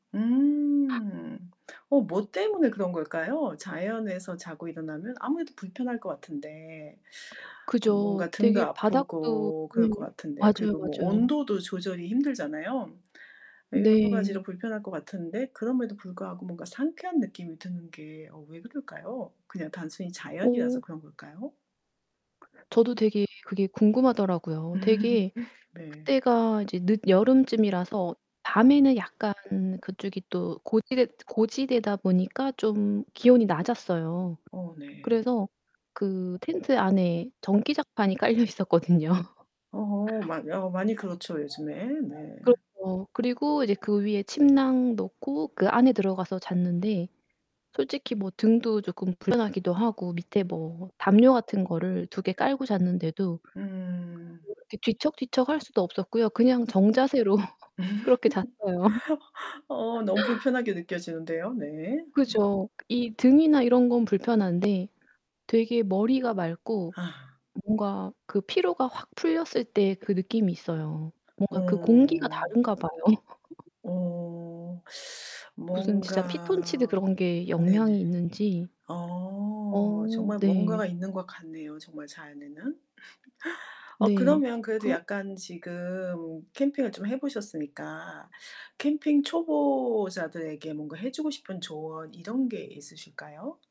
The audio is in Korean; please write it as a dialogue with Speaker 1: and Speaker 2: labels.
Speaker 1: 음. 어 뭐 때문에 그런 걸까요? 자연에서 자고 일어나면 아무래도 불편할 것 같은데
Speaker 2: 그죠.
Speaker 1: 뭔가 등도
Speaker 2: 되게 바닥도
Speaker 1: 아프고
Speaker 2: 네.
Speaker 1: 그럴 것 같은데
Speaker 2: 맞아요,
Speaker 1: 그리고 뭐
Speaker 2: 맞아요.
Speaker 1: 온도도 조절이 힘들잖아요. 여러
Speaker 2: 네.
Speaker 1: 가지로 불편할 것 같은데 그럼에도 불구하고 뭔가 상쾌한 느낌이 드는 게 어 왜 그럴까요? 그냥 단순히 자연이라서
Speaker 2: 어
Speaker 1: 그런 걸까요?
Speaker 2: 저도 되게 그게 궁금하더라고요. 되게
Speaker 1: 네.
Speaker 2: 그때가 이제 늦여름쯤이라서 밤에는 약간 그쪽이 또 고지대 고지대다 보니까 좀 기온이 낮았어요.
Speaker 1: 어 네.
Speaker 2: 그래서 그 텐트 안에 전기장판이 깔려있었거든요.
Speaker 1: 어 많 어 많이 그렇죠 요즘에. 네.
Speaker 2: 그렇죠. 그리고 이제 그 위에 침낭 놓고 그 안에 들어가서 잤는데 솔직히 뭐 등도 조금 불편하기도 하고 밑에 뭐 담요 같은 거를 2 개 깔고 잤는데도
Speaker 1: 음.
Speaker 2: [unintelligible] 뒤척뒤척할 수도 없었고요. 그냥 정자세로 그렇게 잤어요.
Speaker 1: 어 너무 불편하게 느껴지는데요. 네.
Speaker 2: 그죠. 이 등이나 이런 건 불편한데 되게 머리가 맑고
Speaker 1: 아.
Speaker 2: 뭔가 그 피로가 확 풀렸을 때 그 느낌이 있어요. 뭔가 그 공기가
Speaker 1: 어.
Speaker 2: 다른가 봐요.
Speaker 1: 어
Speaker 2: 무슨 진짜 피톤치드
Speaker 1: 뭔가
Speaker 2: 그런 게
Speaker 1: 네네.
Speaker 2: 영향이 있는지.
Speaker 1: 어
Speaker 2: 어
Speaker 1: 정말
Speaker 2: 네.
Speaker 1: 뭔가가 있는 것 같네요, 정말 자연에는. 어
Speaker 2: 네.
Speaker 1: 그러면 그래도
Speaker 2: 그
Speaker 1: 약간 지금 캠핑을 좀 해 보셨으니까 캠핑 초보자들에게 뭔가 해 주고 싶은 조언 이런 게 있으실까요?